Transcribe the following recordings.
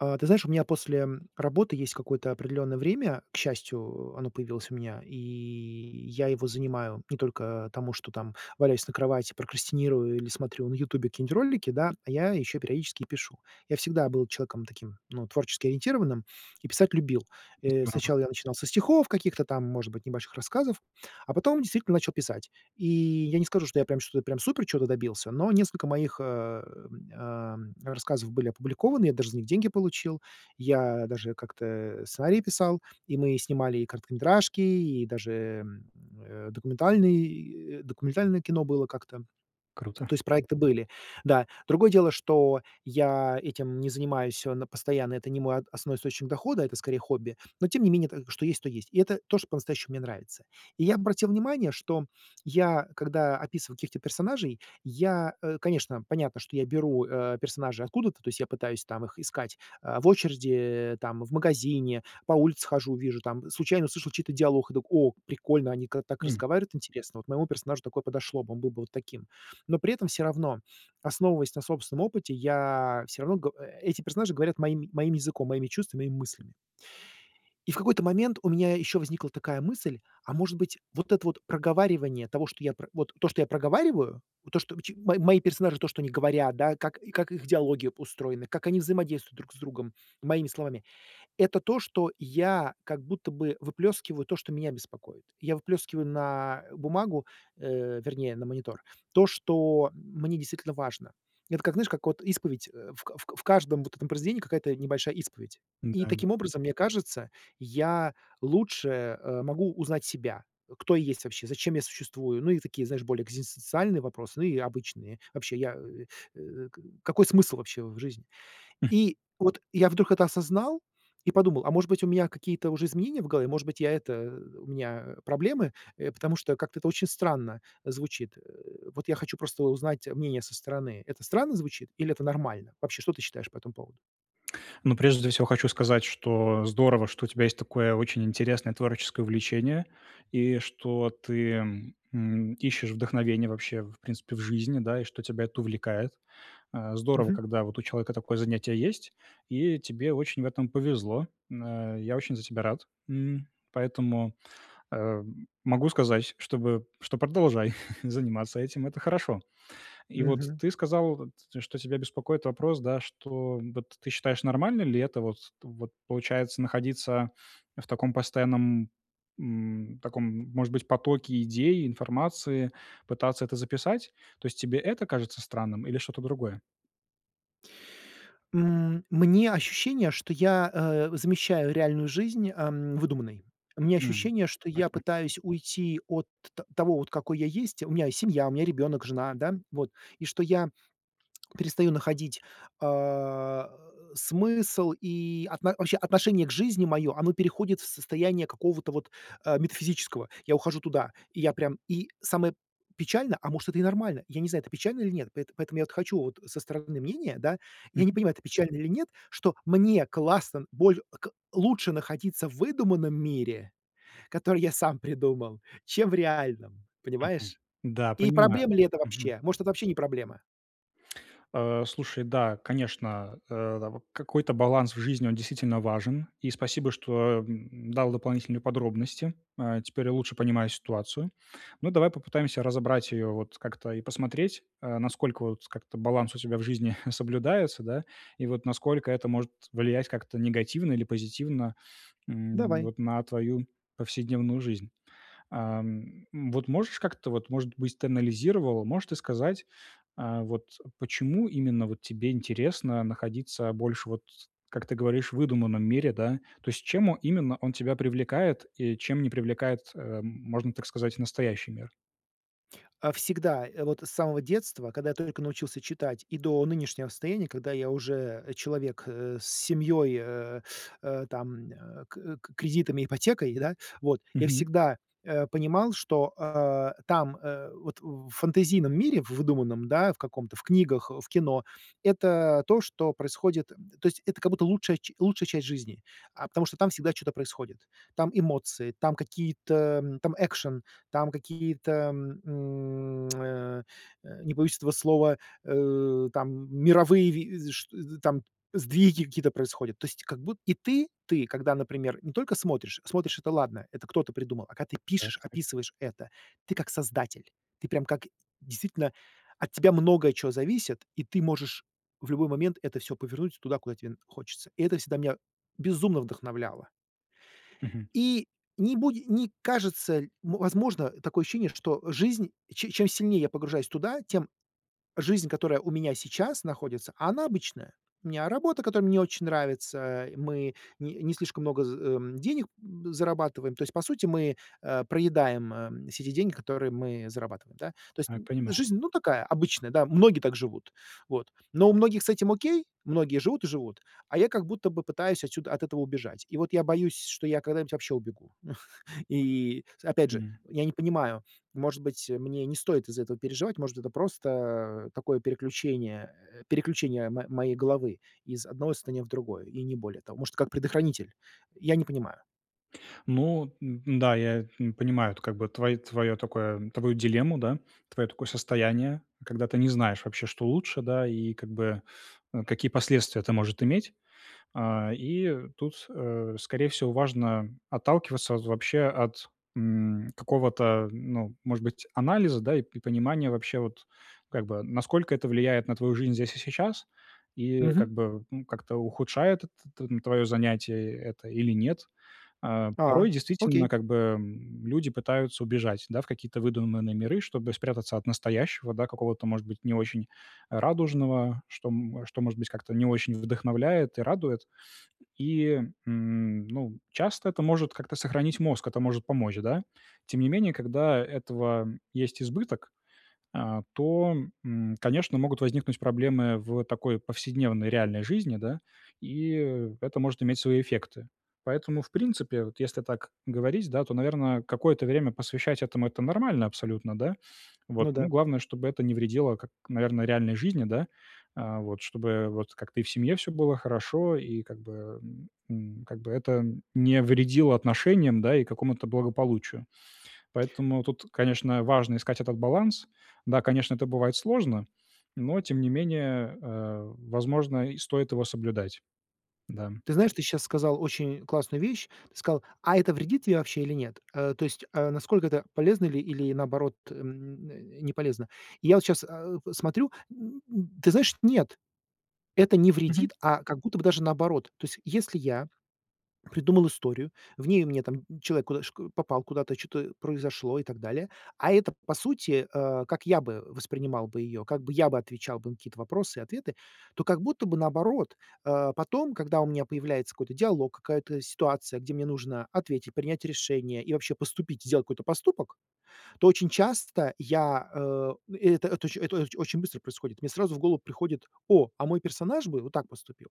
Э, ты знаешь, у меня после работы есть какое-то определенное время. К счастью, оно появилось у меня, и я его занимаю не только тому, что валяюсь на кровати, прокрастинирую или смотрю на "Ютубе" какие-нибудь ролики, да, а я еще периодически и пишу. Я всегда был человеком таким, ну, творчески-ориентированным и писать любил. Э, Здорово. сначала я начинал со стихов каких-то там, может быть, небольших рассказов, а потом, действительно, начал писать. И я не скажу, что я прям что я прям супер чего-то добился, но несколько моих, э, эм, рассказов были опубликованы. Я даже за них деньги получил. Я даже как-то сценарии писал, и мы снимали и короткометражки, и даже, э, документальные документальное кино было как-то. Круто. То есть проекты были. Да, другое дело, что я этим не занимаюсь всё на постоянно это не мой от основной источник дохода, это, скорее, хобби. Но тем не менее что есть, то есть. И это то, что по-настоящему мне нравится. И я обратил внимание, что я, когда описываю каких-то персонажей, я, э, конечно, понятно, что я беру, э, персонажей откуда-то, то есть я пытаюсь, там, их искать, э, в очереди, там, в магазине, по улице хожу, вижу, там, случайно услышал чей-то диалог и так: "О, прикольно, они ка так М. разговаривают интересно, вот моему персонажу такое подошло бы, он был бы вот таким". Но при этом всё равно, основываясь на собственном опыте, я всё равно го эти персонажи говорят моим моим языком, моими чувствами и мыслями. И в какой-то момент у меня еще возникла такая мысль: "А может быть, вот это вот проговаривание того, что я про вот, то, что я проговариваю, вот то, что чи мои мои персонажи- то, что они говорят, да, как как их идеология устроена, как они взаимодействуют друг с другом моими словами- это то, что я как будто бы выплескиваю то, что меня беспокоит". Я выплескиваю на бумагу, э, вернее, на монитор, то, что мне действительно важно. Это как, знаешь, как вот исповедь, в к в к в каждом вот этом произведении какая-то небольшая исповедь. Да, И да. таким образом, мне кажется, я лучше, э, могу узнать себя, кто я есть вообще, зачем я существую. Ну, и такие, знаешь, более экзистенциальные вопросы, ну, и обычные. Вообще я, э э, какой смысл вообще в жизни? Мгм. И, вот, я вдруг это осознал и подумал, а может быть, у меня какие-то уже изменения в голове, может быть, я это, у меня проблемы, э, потому что как-то это очень странно звучит. Вот, я хочу просто узнать мнение со стороны. Это странно звучит или это нормально? Вообще, что ты считаешь по этому поводу? Ну, прежде всего хочу сказать, что здорово, что у тебя есть такое очень интересное творческое увлечение, и что ты, м, ищешь вдохновения вообще, в принципе, в жизни, да, и что тебя это увлекает. Э, здорово, Мгм. когда вот у человека такое занятие есть, и тебе очень в этом повезло. Н э, я очень за тебя рад, м, поэтому, э, могу сказать, чтобы что продолжай заниматься этим. Это хорошо. И вот Мгм. ты сказал, вот, что тебя беспокоит вопрос, да, что, вот, ты считаешь, нормально ли это вот вот, получается, находиться в таком постоянном, м, таком, может быть, потоке идей, информации, пытаться это записать? То есть тебе это кажется странным или что-то другое? М. Мне ощущение, что я, э, замещаю реальную жизнь, э, м, выдуманной. У меня М. ощущение, что Так я не пытаюсь уйти от т того, какой я есть. У меня есть семья, у меня ребенок, жена, да, вот. И что я перестаю находить, а, смысл и от вообще отношение к жизни моё оно переходит в состояние какого-то вот, э, метафизического. Я ухожу туда, и я прям И самое печальное, а может, это и нормально, я не знаю, это печально или нет. Поэт поэтому я, вот, хочу, вот, со стороны мнения, да, я не Мгм. понимаю, это печально или нет, что мне классно боль к лучше находиться в выдуманном мире, который я сам придумал, чем в реальном, Мгм. понимаешь? Да, И понимаю. проблема ли это Мгм. вообще? Может, это вообще не проблема? Э, слушай, да, конечно, э, там, какой-то баланс в жизни, он, действительно, важен, и спасибо, что, э, м, дал дополнительные подробности. Э, теперь я лучше понимаю ситуацию. Ну, давай попытаемся разобрать ее, вот, как-то, и посмотреть, э, насколько, вот, с как-то баланс у тебя в жизни соблюдается, да, и, вот, насколько это может влиять, как-то, негативно, или позитивно, м, Давай. вот, на твою повседневную жизнь. Ам, вот, можешь, как-то, вот, может быть, ты анализировал, можешь ты сказать, э, вот почему именно, вот, тебе интересно находиться больше, вот, как ты говоришь, в выдуманном мире, да? То есть, чем о именно он тебя привлекает, и чем не привлекает, эм, можно так сказать, и настоящий мир? Э, всегда, э, вот с самого детства, когда я только научился читать, и до нынешнего состояния, когда я уже, э, человек, э, с семьей, э, э, там, э, к к кредитами, ипотекой, да, вот, я Мгм. всегда, э, понимал, что, э, там, э, вот, в фэнтезийном мире, в выдуманном, да, в каком-то, в книгах, э, в кино, это, то, что происходит, то есть, это как будто лучшая ч лучшая часть жизни, а, потому что там всегда чё-то происходит. Там эмоции, там какие-то, м, там экшн, там какие-то, м, м, э, э, не побоюсь этого слова, э, там, э, мировые ви вс шт там, сдвиги какие-то происходят. То есть, как буд и ты, ты, когда, например, не только смотришь, смотришь- это ладно, это кто-то придумал. А когда ты Да, пишешь, ци. описываешь это, ты как создатель. Ты прямо как действительно, от тебя много чего зависит, и ты можешь в любой момент это всё повернуть туда, куда тебе н хочется. И это всегда меня безумно вдохновляло. Мгм. И, не буде не кажется, ль ну, возможно, такое ощущение, что жизнь, че чем сильнее я погружаюсь туда, тем жизнь, которая у меня сейчас находится, а она обычная. У меня работа, которая мне не очень нравится. И мы не не слишком много з э, м, б денег зарабатываем. То есть по сути, мы, э, проедаем, м, все те деньги, которые мы зарабатываем, да. То есть, А, н понимаю. жизнь, ну, такая, да, обычная, многие так живут, вот. Но у многих с этим окей, многие живут и живут, а я как будто бы пытаюсь отсюда, от этого убежать. И вот я боюсь, что я когда-нибудь вообще убегу И, с опять же, М. я не понимаю, может быть, мне не стоит из-за этого переживать, может, это просто, э, такое переключение, э, переключение мо моей головы, из одного состояния в другое, и не более того. Может, как предохранитель? Я не понимаю. Ну, н да, я, м, понимаю, как бы, твои твое такое, твою дилемму, да, твое такое состояние, когда ты не знаешь, вообще, что лучше, да, и как бы, э, какие последствия это можешь иметь. А, и, тут, э, скорее всего, важно, э, отталкиваться от, вообще, от, м, какого-то, ну, может быть, анализа, да, и п понимания вообще, вот, как бы, насколько это влияет на твою жизнь здесь и сейчас, и, Мгм. как бы, ну, как-то ухудшает т т твое занятие, это, или нет. А, А, порой, действительно, окей. как бы, э, люди пытаются убежать, да, в какие-то выдуманные миры, чтобы спрятаться от настоящего, да, какого-то, может быть, не очень радужного, что что, м может быть, как-то не очень вдохновляет и радует. И, м, ну, часто это может как-то сохранить мозг, это может помочь, да. Тем не менее, когда этого есть избыток, э, то, м, конечно, могут возникнуть проблемы в такой повседневной, реальной жизни, да, и, э, это может иметь свои эффекты. Поэтому, в принципе, вот, если так говорить, да, то, наверное, какое-то время посвящать этому- это нормально абсолютно, да. Вот, Ну ну, да. главное, чтобы это не вредило, как, наверное, реальной жизни, да, а, вот, чтобы, э, вот, как-то и в семье всё было хорошо, и как бы, эм, как бы это не вредило отношениям, да, и какому-то благополучию. Поэтому, тут, конечно, важно искать этот баланс. Да, конечно, это бывает сложно, но тем не менее, э, возможно, и стоит его соблюдать. Да. Ты знаешь, ты сейчас сказал очень классную вещь. Ты сказал: "А это вредит тебе вообще или нет?" Э, то есть, э, насколько это полезно или или наоборот, м, н э, не полезно? Я вот щас, э, п смотрю, н н ты знаешь, нет, это не Мгм. вредит, а как будто бы даже наоборот. То есть, если я придумал историю, в ней мне там человек куда шк попал куда-то, чё-то произошло, и так далее, а это, по сути, э, как я бы воспринимал бы ее, как бы я бы отвечал бы на какие-то вопросы и ответы, то как будто бы наоборот, э, потом, когда у меня появляется какой-то диалог, какая-то ситуация, где мне нужно ответить, принять решение, и вообще поступить, сделать какой-то поступок, то очень часто я, э, э, эт это это оч это очень быстро происходит. Мне сразу в голову приходит: "О, а мой персонаж бы вот так поступил,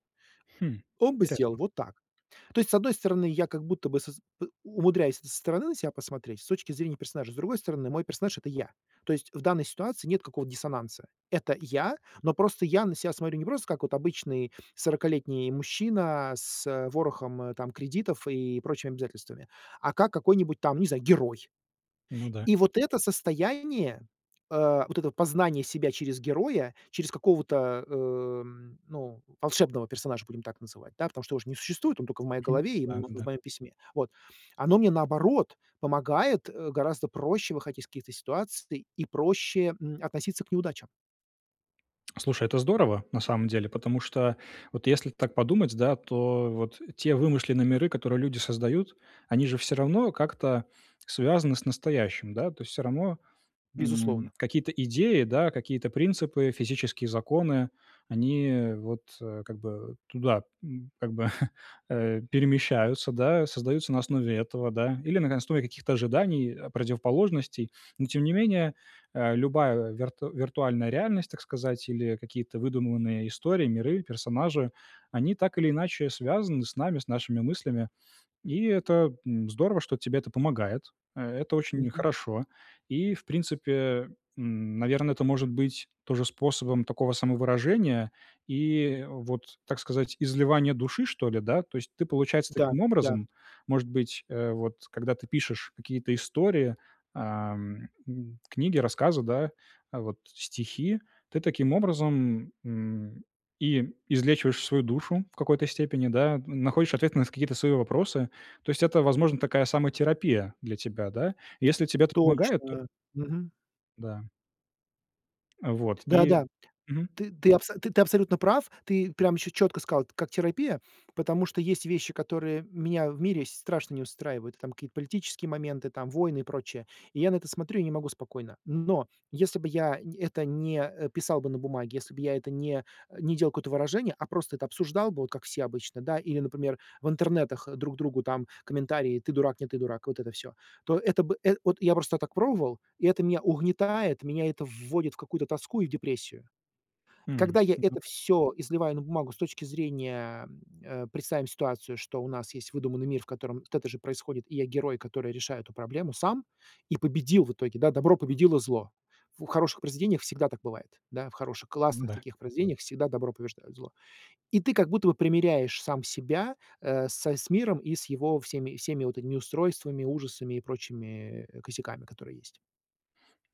Хм. он бы сделал Интересно. вот так". То есть с одной стороны, я как будто бы соз умудряюсь со стороны на ся посмотреть, с точки зрения персонажа, с другой стороны, мой персонаж- это я. То есть, в данной ситуации нет какого-то диссонанса. Это я, но просто я на ся смотрю не просто как обычный сорокалетний мужчина, а, с, э, ворохом, э, там, кредитов и прочими обязательствами, а как какой-нибудь, там, не знаю, герой. Ну да. И вот это состояние, э, вот это познание себя через героя, через какого-то, э, м, ну, волшебного персонажа, будем так называть, да, потому что его ж не существует, он только в моей Мгм. голове и в м в Да-да-да. моем письме, вот. Оно мне, наоборот, помогает, э, гораздо проще выходить из каких-то ситуаций, и проще, м, относиться к неудачам. Слушай, это здорово, на самом деле, потому что вот если так подумать, да, то вот те вымышленные миры, которые люди создают, они же все равно как-то связаны с настоящим, да. То есть всё равно, м, Безусловно. какие-то идеи, да, какие-то принципы, физические законы, они вот как бы туда, м, как бы, э, перемещаются, да, создаются на основе этого, да, или на основе каких-то ожиданий, противоположностей. Но, тем не менее, э, любая вирту виртуальная реальность, так сказать, или какие-то выдуманные истории, миры, персонажи, они так или иначе связаны с нами, с нашими мыслями. И это, м, здорово, что тебе это помогает. Э, это очень Мгм. хорошо. И в принципе, м, наверное, это может быть тоже способом такого самовыражения и вот, так сказать, изливание души что ли, да? То есть ты получается Да, таким да. образом, может быть, э, вот когда ты пишешь какие-то истории, а, м, книги, рассказы, да, вот, стихи, ты таким образом, м, и излечиваешь свою душу в какой-то степени, да, находишь ответы на какие-то свои вопросы. То есть это, возможно, такая самотерапия для тебя. Если тебя, да, если это помогает, то Точно! Мгм. да. Э, вот. Да, И да. Мгм. Ты ты абсо ты ты абсолютно прав. Ты прям всё четко сказал как терапия, потому что есть вещи, которые меня в мире с страшно не устраивают, там какие-то политические моменты, там, войны и прочее. И я на это смотрю и не могу спокойно. Но если бы я это не, э, писал бы на бумаге, если бы я это не, э, не делал какое-то выражение, а просто это обсуждал бы, как все обычно, да, или, например, в интернетах друг другу там комментарии: "Ты дурак, нет ты дурак". Вот это всё, то это бы эт вот я просто так пробовал, и это меня угнетает, меня это в вводит в какую-то тоску и в депрессию. Мм. Когда я это всё изливаю на бумагу с точки зрения, э, представим ситуацию, что у нас есть выдуманный мир, в котором вот это же происходит, и я герой, который решает эту проблему сам и победил в итоге, да, добро победило зло. В хороших произведениях всегда так бывает. Да, в хороших, классных М-да. таких произведениях всегда добро побеждает зло. И ты как будто бы примиряешь сам себя, э, с с миром и с его всеми всеми вот этими устройствами, ужасами и прочими, э, косяками, которые есть.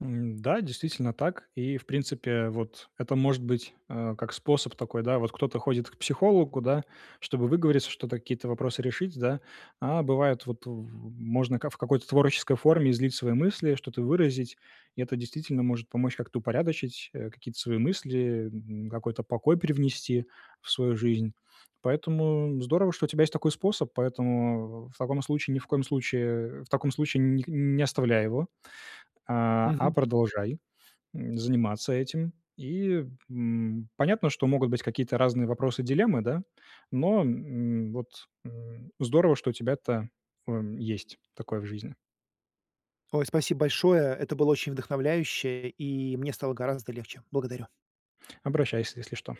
М, да, действительно так. И, в принципе, вот, это может быть, э, как способ такой, да. Вот кто-то ходит к психологу, да, чтобы выговориться, что-то какие-то вопросы решить, да. А бывает, вот в можно в какой-то творческой форме излить свои мысли, что-то выразить, и это действительно может помочь как-то упорядочить, э, какие-то свои мысли, м, какой-то покой привнести в свою жизнь. Поэтому здорово, что у тебя есть такой способ. Поэтому в в таком случае ни в коем случае, э в таком случае ни не оставляй его, а а Мгм. продолжай, м, заниматься этим. И, м, понятно, что могут быть какие-то разные вопросы, дилеммы, да, но, м, вот, м, здорово, что у тебя-то, м, есть такое в жизни. Ой, спасибо большое, это было очень вдохновляюще, и мне стало гораздо легче, благодарю. Обращайся, если что.